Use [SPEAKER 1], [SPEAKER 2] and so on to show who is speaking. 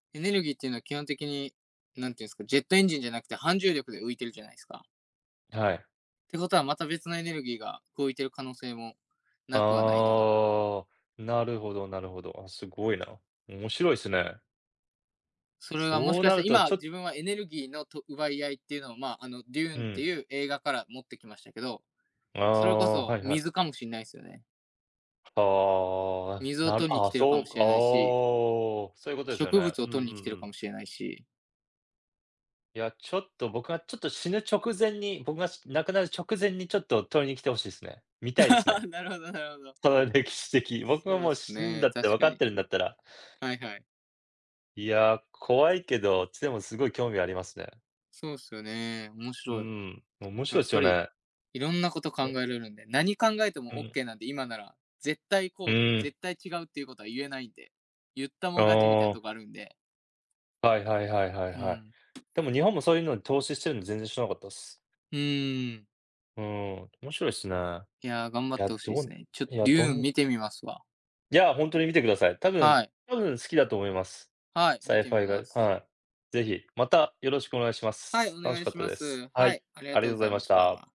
[SPEAKER 1] エネルギーっていうのは基本的に、何ていうんですか、ジェットエンジンじゃなくて、反重力で浮いてるじゃないですか。
[SPEAKER 2] はい。
[SPEAKER 1] てことは、また別のエネルギーが動いてる可能性もなくはないな。
[SPEAKER 2] ああ、なるほどなるほど。あ、すごいな。面白いっすね。
[SPEAKER 1] それはもし
[SPEAKER 2] そう
[SPEAKER 1] か
[SPEAKER 2] な
[SPEAKER 1] し
[SPEAKER 2] る
[SPEAKER 1] て、
[SPEAKER 2] と、
[SPEAKER 1] 今
[SPEAKER 2] ちょっ
[SPEAKER 1] 自分はエネルギーのと、奪い合いっていうのを、まあ、あの、デュ
[SPEAKER 2] う
[SPEAKER 1] ーンって
[SPEAKER 2] ん。
[SPEAKER 1] いう映画から持ってきましたけど、
[SPEAKER 2] あ
[SPEAKER 1] それこ
[SPEAKER 2] あ、
[SPEAKER 1] そ
[SPEAKER 2] はいはい。
[SPEAKER 1] 水かもしんないすよね。
[SPEAKER 2] ああ、
[SPEAKER 1] 水を
[SPEAKER 2] なる
[SPEAKER 1] 取りに
[SPEAKER 2] あ
[SPEAKER 1] 来
[SPEAKER 2] あ、
[SPEAKER 1] てるか
[SPEAKER 2] そ
[SPEAKER 1] も
[SPEAKER 2] う、
[SPEAKER 1] し
[SPEAKER 2] あ
[SPEAKER 1] れないし。
[SPEAKER 2] あ、そういうことですよ
[SPEAKER 1] 植
[SPEAKER 2] ね。
[SPEAKER 1] 物
[SPEAKER 2] う
[SPEAKER 1] を
[SPEAKER 2] んうんう
[SPEAKER 1] 取りに来てるか
[SPEAKER 2] ん。
[SPEAKER 1] もしれないし。
[SPEAKER 2] いや、ちょっと僕がちょっと死ぬ直前に、僕がし亡くなる直前にちょっと取りに来て欲しいですね。見たいですね。
[SPEAKER 1] なるほどなるほど。
[SPEAKER 2] その歴史的、僕は
[SPEAKER 1] そうっ
[SPEAKER 2] もう
[SPEAKER 1] す
[SPEAKER 2] 死ぬんだ
[SPEAKER 1] ね、
[SPEAKER 2] って
[SPEAKER 1] 確
[SPEAKER 2] 分か
[SPEAKER 1] か
[SPEAKER 2] っ
[SPEAKER 1] に。
[SPEAKER 2] てるんだったら
[SPEAKER 1] はいはい。
[SPEAKER 2] いや、怖いけど、でもすごい興味ありますね。
[SPEAKER 1] そうっすよね、面
[SPEAKER 2] う
[SPEAKER 1] 白い。
[SPEAKER 2] ん、面
[SPEAKER 1] や
[SPEAKER 2] 白いっ
[SPEAKER 1] っ
[SPEAKER 2] す
[SPEAKER 1] ぱ
[SPEAKER 2] よ
[SPEAKER 1] り
[SPEAKER 2] ね。
[SPEAKER 1] 色んなこと考え
[SPEAKER 2] ね。
[SPEAKER 1] られるんで、何考えて
[SPEAKER 2] う
[SPEAKER 1] もオッ
[SPEAKER 2] ん。
[SPEAKER 1] ケーなんで、今なら絶対
[SPEAKER 2] う
[SPEAKER 1] こう、
[SPEAKER 2] ん。
[SPEAKER 1] 絶対違うっていうことはゆえないんで、ゆったも
[SPEAKER 2] あ
[SPEAKER 1] ん勝ちみたいな
[SPEAKER 2] あ。
[SPEAKER 1] とこあるんで。
[SPEAKER 2] はいはいはいはい
[SPEAKER 1] う
[SPEAKER 2] はい。
[SPEAKER 1] ん。
[SPEAKER 2] でも日本もそういうのに投資してるの全然知らなかったっす。
[SPEAKER 1] うーん。
[SPEAKER 2] うん、面白いっすね。
[SPEAKER 1] いや、頑張
[SPEAKER 2] い
[SPEAKER 1] っ
[SPEAKER 2] や、
[SPEAKER 1] て欲しいで
[SPEAKER 2] ど
[SPEAKER 1] すね。ちょ
[SPEAKER 2] いや、
[SPEAKER 1] デ
[SPEAKER 2] ど
[SPEAKER 1] ューン
[SPEAKER 2] ん
[SPEAKER 1] 見てみますわ。
[SPEAKER 2] いや、ほんとに見てください。多分
[SPEAKER 1] はい。
[SPEAKER 2] 多分好きだと思います。
[SPEAKER 1] はい、
[SPEAKER 2] サ
[SPEAKER 1] 見
[SPEAKER 2] イ
[SPEAKER 1] て
[SPEAKER 2] ファ
[SPEAKER 1] み
[SPEAKER 2] イが、
[SPEAKER 1] ます。
[SPEAKER 2] はい。是非、またよろしくお願いしま
[SPEAKER 1] はい、
[SPEAKER 2] す。
[SPEAKER 1] お
[SPEAKER 2] 楽し
[SPEAKER 1] 願い
[SPEAKER 2] かっ
[SPEAKER 1] し
[SPEAKER 2] た
[SPEAKER 1] ま
[SPEAKER 2] です。
[SPEAKER 1] す。
[SPEAKER 2] は
[SPEAKER 1] は
[SPEAKER 2] い、
[SPEAKER 1] い、ありが
[SPEAKER 2] あ
[SPEAKER 1] と
[SPEAKER 2] りが
[SPEAKER 1] う
[SPEAKER 2] とう
[SPEAKER 1] ご
[SPEAKER 2] ご
[SPEAKER 1] ざ
[SPEAKER 2] ざい
[SPEAKER 1] い
[SPEAKER 2] ま
[SPEAKER 1] ま
[SPEAKER 2] し
[SPEAKER 1] し
[SPEAKER 2] た。
[SPEAKER 1] た。